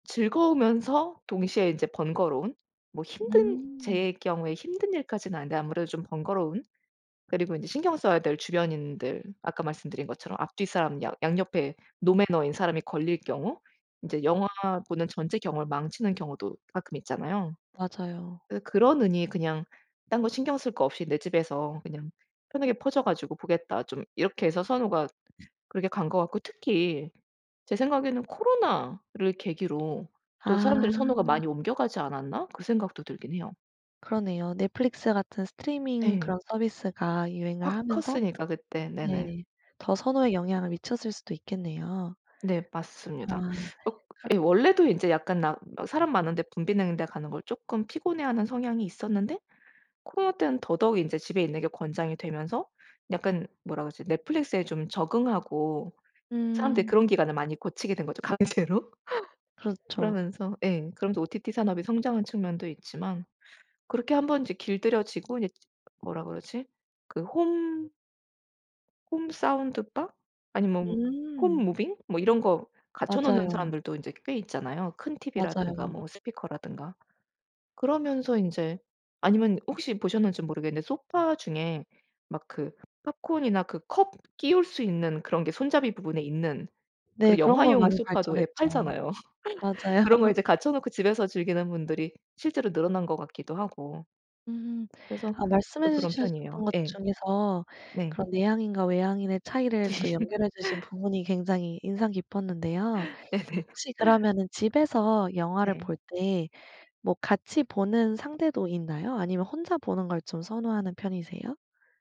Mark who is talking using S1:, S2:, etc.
S1: 즐거우면서 동시에 인제 번거로운? 뭐 힘든
S2: 음.
S1: 제 경우에 힘든 일까지는 아닌데 아무래도 좀 번거로운? 그리고 인제 신경 써야 될 주변인들 아까 말씀드린 것처럼 앞 뒤 사람 양 양 옆에 노매너인 사람이 걸릴 경우 이제 영화 보는 전체 경험을 망치는 경우도 가끔 있잖아요.
S2: 맞아요.
S1: '그 그러느니 그냥 딴 거 신경 쓸 거 없이 내 집에서 그냥 편하게 퍼져 가지고 보겠다.' 좀 이렇게 해서 선호가 그렇게 간 것 같고 특히 제 생각에는 '코로나를 계기로 또
S2: 아.
S1: 사람들이 선호가 많이 옮겨가지 않았나?' 그 생각도 들긴 해요.
S2: 그러네요. Netflix 같은 스트리밍
S1: 예.
S2: 그런 서비스가 유행을
S1: 확
S2: 하면서
S1: 컸으니까 그때. 네네.
S2: 네 더 선호에 영향을 미쳤을 수도 있겠네요.
S1: 네,
S2: 아
S1: 맞습니다. 억
S2: 그럼
S1: 예 원래도 이제 약간 나 막 사람 많은 데 붐비는 데 가는 걸 쪼끔 피곤해 하는 성향이 있었는데 코로나때는 더더욱 인제 집에 있는게 권장이 되면서 약간 뭐라 그러지? Netflix에 좀 적응하고 사람들이
S2: 음.
S1: 그런 기간에 많이 고치게 된거죠. 강제로.
S2: 그렇죠.
S1: 그러면서 예 그러면서 OTT 산업이 성장한 측면도 있지만 그렇게 한번 이제 길들여지고 이제 뭐라 그러지? 그 홈 홈 사운드바 아니면 홈
S2: 음.
S1: 무빙 뭐 이런 거 갖춰 놓는
S2: 맞아요.
S1: 사람들도 인제 꽤 있잖아요. 큰 TV라든가
S2: 맞아요.
S1: 뭐 스피커라든가. 그러면서 인제 아니면 혹시 보셨는지 모르겠는데 소파 중에 막 그 팝콘이나 그 컵 끼울 수 있는 그런 게 손잡이 부분에 있는
S2: 네,
S1: 그리고
S2: 그런 거
S1: 영화용
S2: 많이
S1: 소파도 예
S2: 발전했죠.
S1: 팔잖아요.
S2: 맞아요.
S1: 그런 거 이제 갖춰 놓고 집에서 즐기는 분들이 실제로 늘어난 것 같기도 하고.
S2: 음
S1: 그래서
S2: 아
S1: 저도
S2: 말씀해
S1: 그런
S2: 주셔
S1: 편이에요.
S2: 셨던 것
S1: 예.
S2: 중에서
S1: 네.
S2: 그런 내향인과 외향인의 차이를 또 연결해 주신 부분이 굉장히 인상 깊었는데요.
S1: 네네.
S2: 혹시 그러면은 집에서 영화를
S1: 네.
S2: 볼 때 뭐 같이 보는 상대도 있나요? 아니면 혼자 보는 걸 좀 선호하는 편이세요?